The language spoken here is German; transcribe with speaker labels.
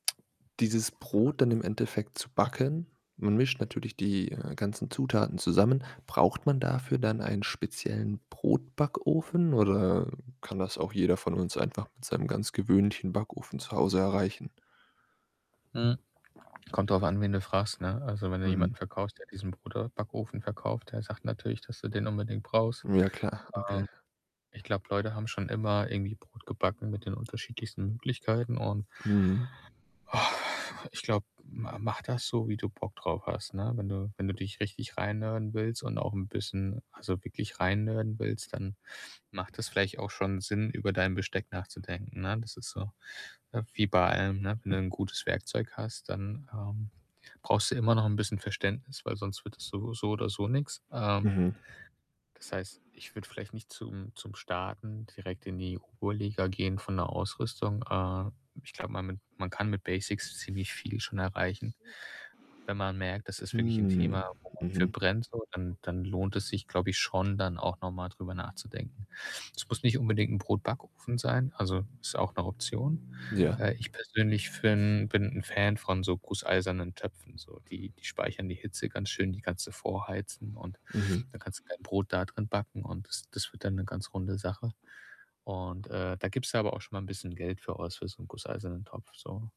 Speaker 1: Dieses Brot dann im Endeffekt zu backen. Man mischt natürlich die, äh, ganzen Zutaten zusammen. Braucht man dafür dann einen speziellen Brotbackofen oder kann das auch jeder von uns einfach mit seinem ganz gewöhnlichen Backofen zu Hause erreichen?
Speaker 2: Mhm. Kommt drauf an, wen du fragst, ne? Also, wenn du
Speaker 1: Mhm.
Speaker 2: jemanden verkaufst, der diesen Brot äh, Backofen verkauft, der sagt natürlich, dass du den unbedingt brauchst.
Speaker 1: Ja, klar, okay.
Speaker 2: Ähm, ich glaube, Leute haben schon immer irgendwie Brot gebacken mit den unterschiedlichsten Möglichkeiten. Und
Speaker 1: Mhm.
Speaker 2: ich glaube, ma mach das so, wie du Bock drauf hast, ne? Wenn du wenn du dich richtig reinnerden willst und auch 'n bisschen also, wirklich reinnerden willst, dann macht das vielleicht auch schon Sinn, über dein Besteck nachzudenken, ne? Das ist so, ne, wie bei allem, ne? Wenn du 'n gutes Werkzeug hast, dann, ähm, brauchst du immer noch 'n bisschen Verständnis, weil sonst wird das so so oder so nix, ähm
Speaker 1: Mhm.
Speaker 2: das heißt, ich würde vielleicht nicht zum zum Starten direkt in die hohe Liga gehen von der Ausrüstung äh, ich glaube, man mit man kann mit Basics ziemlich viel schon erreichen und wenn man merkt, das ist wirklich 'n
Speaker 1: Hm,
Speaker 2: Thema, wo man für
Speaker 1: mhm.
Speaker 2: brennt so, dann dann lohnt es sich, glaube ich schon dann auch noch mal drüber nachzudenken. Es muss nicht unbedingt 'n Brotbackofen sein, also, ist auch 'ne Option.
Speaker 1: Ja.
Speaker 2: Äh, ich persönlich fin bin 'n Fan von so gusseisernen Töpfen, so, die die speichern die Hitze ganz schön, die kannst du vorheizen und
Speaker 1: Mhm.
Speaker 2: da kannst du dein Brot da drin backen und das das wird dann 'ne ganz runde Sache, und, äh, da gibst du da aber auch schon mal bisschen Geld für aus, für so 'n gusseisernen Topf, so.